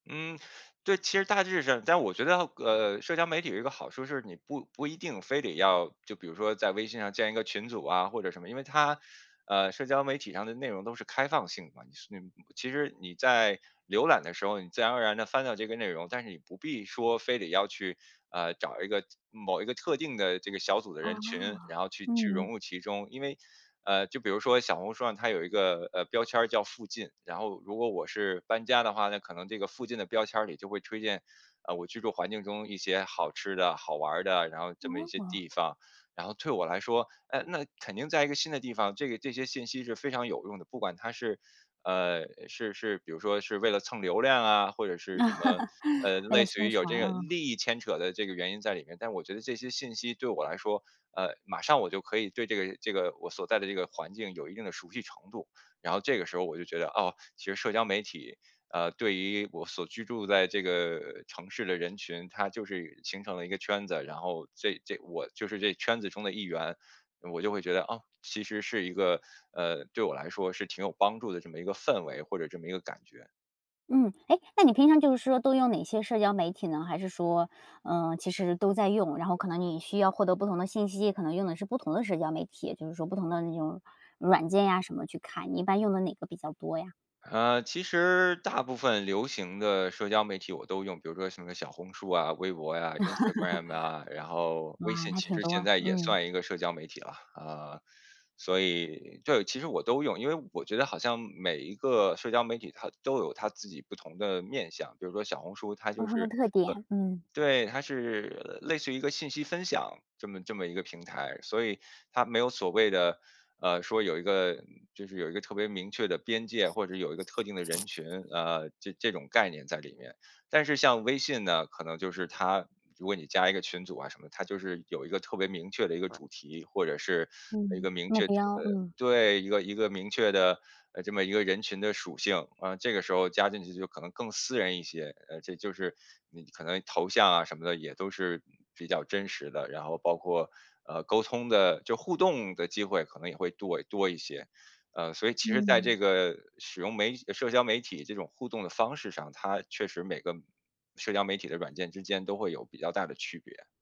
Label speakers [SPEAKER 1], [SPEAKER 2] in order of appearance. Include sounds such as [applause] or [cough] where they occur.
[SPEAKER 1] 嗯，对。其实大致上但我觉得，呃，社交媒体有一个好处是，你不不一定非得要就比如说在微信上建一个群组啊或者什么。因为它呃，社交媒体上的内容都是开放性的嘛，那种其实你在浏览的时候，你自然而然地翻到这个内容，但是你不必说非得要去，呃，找一个某一个特定的这个小组的
[SPEAKER 2] 哦，
[SPEAKER 1] 人群，然后去去融
[SPEAKER 2] 嗯。
[SPEAKER 1] 入其中。因为呃，就比如说小红书上它有一个，呃，标签儿叫“附近”，然后如果我是搬家的话，那可能这个“附近”的标签里就会推荐，呃，我居住环境中一些好吃的、好玩的，然后这么一些
[SPEAKER 2] 哦。
[SPEAKER 1] 地方。然后对我来说呃，那肯定在一个新的地方，这个这些信息是非常有用的。不管它是呃，是是比如说是为了蹭流量啊，或者是什么
[SPEAKER 2] [chuckles]
[SPEAKER 1] 呃，
[SPEAKER 2] 为
[SPEAKER 1] 类
[SPEAKER 2] 了
[SPEAKER 1] 似
[SPEAKER 2] 宣
[SPEAKER 1] 于有
[SPEAKER 2] 传，
[SPEAKER 1] 这个
[SPEAKER 2] 啊。
[SPEAKER 1] 利益牵扯的这个原因在里面，但我觉得这些信息对我来说呃，马上我就可以对这个这个我所在的这个环境有一定的熟悉程度。然后这个时候我就觉得，哦，其实社交媒体，呃，对于我所居住在这个城市的人群，它就是形成了一个圈子，然后这这我就是这圈子中的一员。我就会觉得，啊，其实是一个呃，对我来说是挺有帮助的这么一个氛围，或者这么一个感觉。
[SPEAKER 2] 嗯。诶，那你平常就是说都用哪些社交媒体呢？还是说，呃，其实都在用，然后可能你需要获得不同的信息，可能用的是不同的社交媒体。也就是说不同的那种软件啊什么去看，一般用的哪个比较多呀？
[SPEAKER 1] 呃，其实大部分流行的社交媒体我都用，比如说什么小红书啊，微博呀，Instagram 啊。然
[SPEAKER 2] [chuckles]
[SPEAKER 1] 后微
[SPEAKER 2] 哇，
[SPEAKER 1] 信
[SPEAKER 2] 还
[SPEAKER 1] 其
[SPEAKER 2] 挺
[SPEAKER 1] 实现
[SPEAKER 2] 多，
[SPEAKER 1] 在也
[SPEAKER 2] 嗯。
[SPEAKER 1] 算一个社交媒体了，啊，所以对，其实我都用。因为我觉得好像每一个社交媒体它都有它自己不同的面向。比如说小红书它
[SPEAKER 2] 不
[SPEAKER 1] 就
[SPEAKER 2] 同
[SPEAKER 1] 是呃，
[SPEAKER 2] 的特点，嗯。
[SPEAKER 1] 对，它是类似于一个信息分享，这么这么一个平台，所以它没有所谓的呃，说有一个就是有一个特别明确的边界，或者有一个特定的人群，呃，这这种概念在里面。但是像微信呢，可能就是它如果你加一个群组啊什么，它就是有一个特别明确的一个主题，或者是一
[SPEAKER 2] 嗯，
[SPEAKER 1] 个明
[SPEAKER 2] 目
[SPEAKER 1] 确呃，
[SPEAKER 2] 标，嗯。
[SPEAKER 1] 对，一个一个明确的呃，这么一个人群的属性。啊，这个时候加进去就可能更私人一些，呃，这就是你可能头像啊什么的也都是比较真实的。然后包括，呃，沟通的就是互动的机会可能也会多多一些。呃，所以其实在这
[SPEAKER 2] 嗯。
[SPEAKER 1] 个使用媒社交媒体这种互动的方式上，它确实每个社交媒体的软件之间都会有比较大的区别。